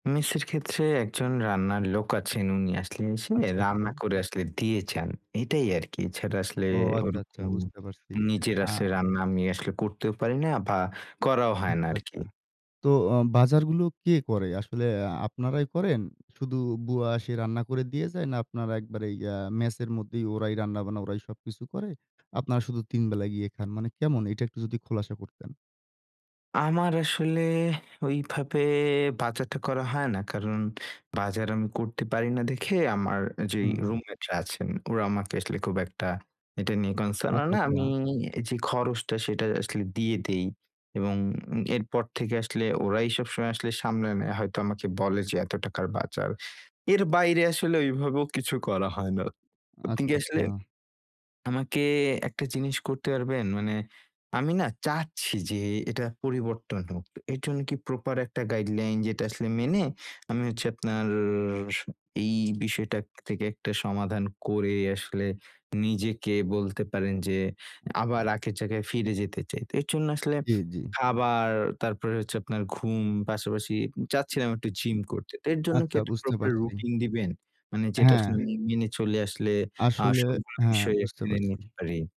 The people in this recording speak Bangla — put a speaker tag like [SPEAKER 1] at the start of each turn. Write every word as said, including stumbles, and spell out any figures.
[SPEAKER 1] মেস এর ক্ষেত্রে একজন রান্নার লোক আছেন, উনি আসলে এসে
[SPEAKER 2] আচ্ছা,
[SPEAKER 1] রান্না
[SPEAKER 2] আচ্ছা।
[SPEAKER 1] করে আসলে দিয়ে যান এটাই আরকি। এছাড়া আসলে
[SPEAKER 2] ও
[SPEAKER 1] ওর
[SPEAKER 2] আচ্ছা, আচ্ছা
[SPEAKER 1] উম
[SPEAKER 2] বুঝতে পারছি
[SPEAKER 1] নিজের
[SPEAKER 2] আ
[SPEAKER 1] আসলে রান্না আমি আসলে করতেও পারি না বা করাও হয় না
[SPEAKER 2] আচ্ছা,
[SPEAKER 1] আরকি।
[SPEAKER 2] আচ্ছা। তো আ বাজারগুলো কে করে? আসলে আ আপনারাই করেন? শুধু বুয়া এসে রান্না করে দিয়ে যায়? না আপনারা একবারেই অ্যা ম্যাসে র মধ্যেই ওরাই রান্না-বান্না ওরাই সবকিছু করে। আপনারা শুধু তিন বেলাই গিয়ে খান মানে কেমন? এটা একটু যদি খোলাসা করতেন।
[SPEAKER 1] আমার আসলে ওইভাবে বাজারটা করা হয় না। কারণ বাজার আমি করতে পারি না দেখে আমার যেই
[SPEAKER 2] হুম।
[SPEAKER 1] রুমমেটরা আছেন, ওরা আমাকে আসলে খুব একটা এটা নিয়ে concern ও
[SPEAKER 2] আচ্ছা,
[SPEAKER 1] না আমি
[SPEAKER 2] আচ্ছা।
[SPEAKER 1] যে খরচটা সেটাই আসলে দিয়ে দেই এবং এরপর থেকে আসলে ওরাই সবসময় আসলে সামলে নেয় হয়তো আমাকে বলে যে, এত টাকার বাজার। এর বাইরে আসলে ওই ভাবেও কিছু করা হয় না। আপনি
[SPEAKER 2] আচ্ছা,
[SPEAKER 1] কি আসলে
[SPEAKER 2] আচ্ছা।
[SPEAKER 1] আমাকে একটা জিনিস করতে পারবেন? মানে আমি না চাচ্ছি যে এটা পরিবর্তন হোক। এই জন্য কি প্রপার একটা গাইডলাইন যেটা আসলে মেনে আমি হচ্ছে আপনার স এই বিষয়টা থেকে একটা সমাধান করে আসলে নিজেকে বলতে পারেন যে আবার আগের জায়গায় ফিরে যেতে চাই। তো এর জন্যে আসলে
[SPEAKER 2] জি, জি।
[SPEAKER 1] খাবার, তারপরে হচ্ছে আপনার ঘুম পাশাপাশি চাচ্ছিলাম একটু জিম করতে। তো এর জন্য কি
[SPEAKER 2] আচ্ছা
[SPEAKER 1] একটা
[SPEAKER 2] বুঝতে
[SPEAKER 1] প্রপার
[SPEAKER 2] পারছি।
[SPEAKER 1] রুটিন দিবেন? মানে যেটা আসলে
[SPEAKER 2] হ্যাঁ।
[SPEAKER 1] মে মেনে চলে আসলে আ
[SPEAKER 2] আসলে,
[SPEAKER 1] সবগুলো
[SPEAKER 2] হ্যাঁ,
[SPEAKER 1] বিষয়
[SPEAKER 2] বুঝতে
[SPEAKER 1] মেনে
[SPEAKER 2] পারছি।
[SPEAKER 1] নিতে পারি।